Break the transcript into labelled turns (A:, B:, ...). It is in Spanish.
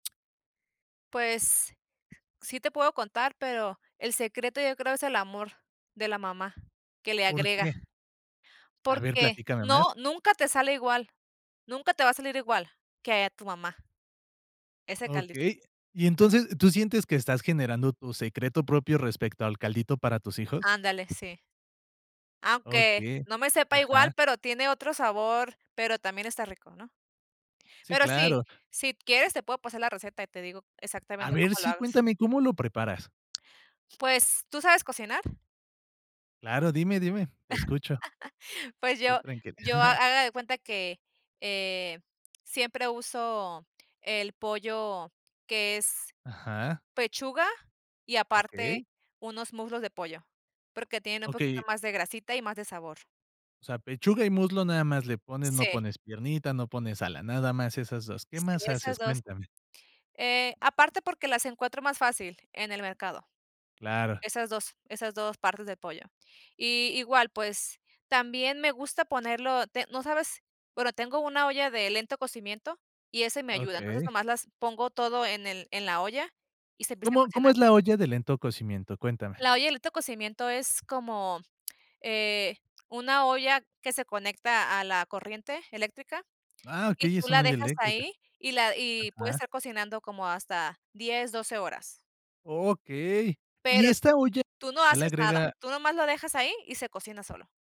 A: Pues, sí te puedo contar, pero el secreto, yo creo, es el amor de la mamá, que le
B: ¿Por
A: agrega.
B: qué? A ver,
A: Porque
B: platícame más.
A: no, nunca te sale igual. Nunca te va a salir igual, que a tu mamá, ese caldito.
B: Okey. Y entonces, ¿tú sientes que estás generando tu secreto propio, respecto al caldito para tus hijos?
A: Ándale, sí. Aunque
B: Okey.
A: no me sepa igual,
B: Ajá.
A: pero tiene otro sabor, pero también está rico, ¿no?
B: Sí,
A: Pero sí,
B: claro.
A: si quieres te puedo pasar la receta, y te digo,
B: A
A: exactamente,
B: ver,
A: cómo lo
B: sí.
A: hagas.
B: Cuéntame, ¿cómo lo preparas?
A: Pues ¿Tú sabes cocinar?
B: Claro. Dime, dime. Te escucho.
A: Pues
B: Tú,
A: yo
B: tranquila.
A: yo Ha haga de cuenta que, eh, siempre uso el pollo, que es
B: Ajá.
A: pechuga, y
B: Okey.
A: aparte, unos muslos de pollo, porque tienen un poquito
B: Okey.
A: más de grasita, y más de sabor.
B: O sea, pechuga y muslo nada más, le pones. No
A: Sí.
B: pones piernita, no pones ala, nada más, esas 2. ¿Qué
A: Sí,
B: más
A: esas
B: haces?
A: 2
B: Cuéntame.
A: Eh, aparte, porque las encuentro más fácil, en el mercado,
B: Claro.
A: esas 2 esas 2 partes de pollo. Y, igual, pues, también me gusta ponerlo, te ¿no sabes? Bueno, tengo una olla de lento cocimiento, y ese me ayuda. Entonces,
B: Okey.
A: nomás las pongo todo en el en la olla, y se empieza a
B: ¿Cómo cómo
A: cocinar.
B: es la olla de lento cocimiento? Cuéntame.
A: La olla de lento cocimiento, es como eh Una olla, que se conecta a la corriente eléctrica,
B: Ah,
A: y
B: okey.
A: tú
B: Es
A: la
B: una olla
A: dejas
B: eléctrica.
A: ahí, y la Y puede
B: Ajá.
A: estar cocinando, como hasta 10, 12 horas.
B: Okey. Y
A: Pero,
B: esta olla,
A: tú no
B: ya le
A: haces nada.
B: agrega
A: Tú nomás lo dejas ahí, y se cocina solo.